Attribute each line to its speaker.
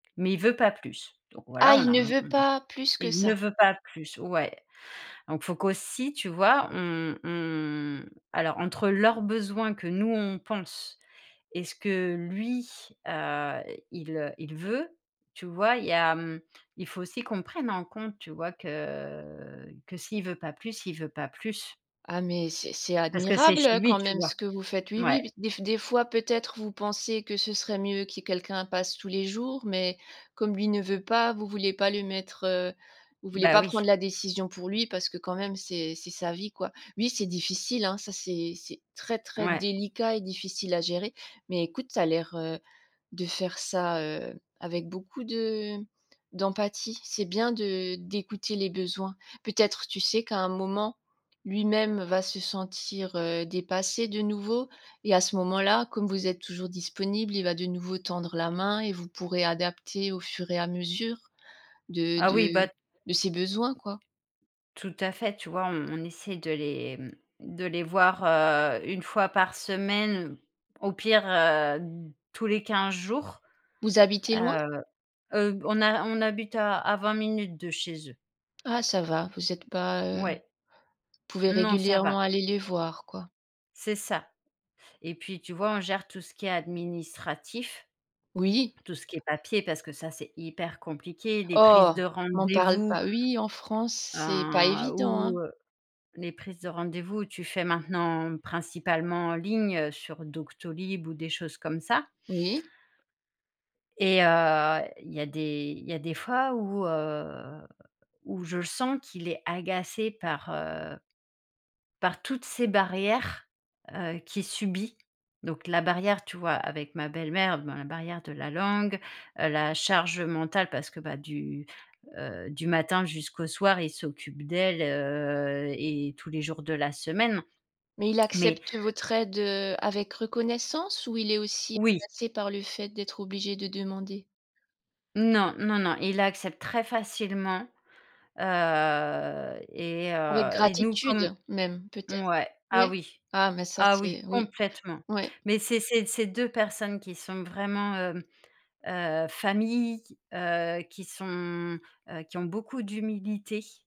Speaker 1: Mais il veut pas plus. Donc voilà,
Speaker 2: Ah
Speaker 1: on
Speaker 2: il
Speaker 1: a on
Speaker 2: ne
Speaker 1: mmh
Speaker 2: veut
Speaker 1: mh.
Speaker 2: pas, plus que
Speaker 1: Il ne
Speaker 2: ça.
Speaker 1: veut pas plus, ouais. Donc faut qu'aussi, tu vois, on on alors entre leurs besoins que nous on pense et ce que lui, heu, il, heu, il veut, tu vois? Il y a, mmh il faut aussi qu'on prenne en compte tu vois, que, que s'il veut pas plus, il veut pas plus
Speaker 2: Ah mais c’est c'est
Speaker 1: parce que c'est
Speaker 2: admirable,
Speaker 1: chez
Speaker 2: heu,
Speaker 1: lui
Speaker 2: quand
Speaker 1: tu
Speaker 2: même
Speaker 1: vois
Speaker 2: ce que vous faites. Oui,
Speaker 1: ouais.
Speaker 2: oui, b des des fois peut-être vous pensez que ce serait mieux qu'il y ait quelqu'un passe tous les jours. Mais, comme lui ne veut pas, vous vouliez pas le mettre, heu, vous vouliez
Speaker 1: Bah
Speaker 2: pas prendre
Speaker 1: oui.
Speaker 2: la décision pour lui parce que quand même c’est c'est sa vie, quoi. Oui c'est difficile hein, ça c'est c’est très très
Speaker 1: Ouais.
Speaker 2: délicat et difficile à gérer. Mais écoute, tu as l’air, heu, de faire ça, heu, avec beaucoup de d'empathie. C'est bien de d'écouter les besoins. Peut-être, tu sais qu'à un moment, lui-même va se sentir, heu, dépassé de nouveau et à ce moment-là, comme vous êtes toujours disponible, il va de nouveau tendre la main et vous pourrez adapter au fur et à mesure, de
Speaker 1: Ah, oui
Speaker 2: de
Speaker 1: bah
Speaker 2: de ses besoins, quoi.
Speaker 1: Tout à fait, tu vois, on on essaie de les, mmh, de les voir, heu, 1 fois par semaine, au pire, heu, tous les 15 jours.
Speaker 2: Vous habitez loin?
Speaker 1: Heu heu, on a on habite à à 20 minutes de chez eux.
Speaker 2: Ah, ça va. Vous êtes pas, heu,
Speaker 1: Mouais.
Speaker 2: pouvez
Speaker 1: Non, ça va.
Speaker 2: régulièrement aller les voir, quoi.
Speaker 1: C'est ça et puis tu vois, on gère tout ce qui est administratif
Speaker 2: Oui.
Speaker 1: tout ce qui est papier parce que ça, c'est hyper compliqué. Des prises
Speaker 2: Oh!
Speaker 1: de
Speaker 2: M’en parle
Speaker 1: rendez-vous
Speaker 2: pas. Oui en France, c'est pas
Speaker 1: un,
Speaker 2: évident,
Speaker 1: ou,
Speaker 2: hein.
Speaker 1: heu, les prises de rendez-vous où tu fais maintenant, principalement en ligne, sur Doctolib ou des choses comme ça.
Speaker 2: Oui.
Speaker 1: Et heu, il y a des il y a des fois où, heu, où je le sens qu'il est agacé par, heu par toutes ces barrières, heu, qu'il subit. Donc la barrière, tu vois, avec ma belle-mère. Ma barrière de la langue, heu, la charge mentale, parce que bah, du, heu, du matin jusqu'au soir, il s'occupe d’elle, heu et tous les jours de la semaine.
Speaker 2: Mais il
Speaker 1: Mais
Speaker 2: accepte votre aide, heu, avec reconnaissance ou il est aussi
Speaker 1: Oui.
Speaker 2: passé par le fait d'être obligé de demander?
Speaker 1: Non, non, non, il accepte très facilement. Heu et
Speaker 2: Avec
Speaker 1: heu et nous,
Speaker 2: gratitude,
Speaker 1: comme
Speaker 2: même, peut-être?
Speaker 1: mouais, ah
Speaker 2: Ouais?
Speaker 1: oui,
Speaker 2: Ah, bah ça
Speaker 1: ah oui,
Speaker 2: c’est oui,
Speaker 1: complètement.
Speaker 2: ouais.
Speaker 1: Mais c'est c’est c'est 2 personnes qui sont vraiment, hem, heu, famille, heu, qui sont, heu, qui ont beaucoup d’humilité.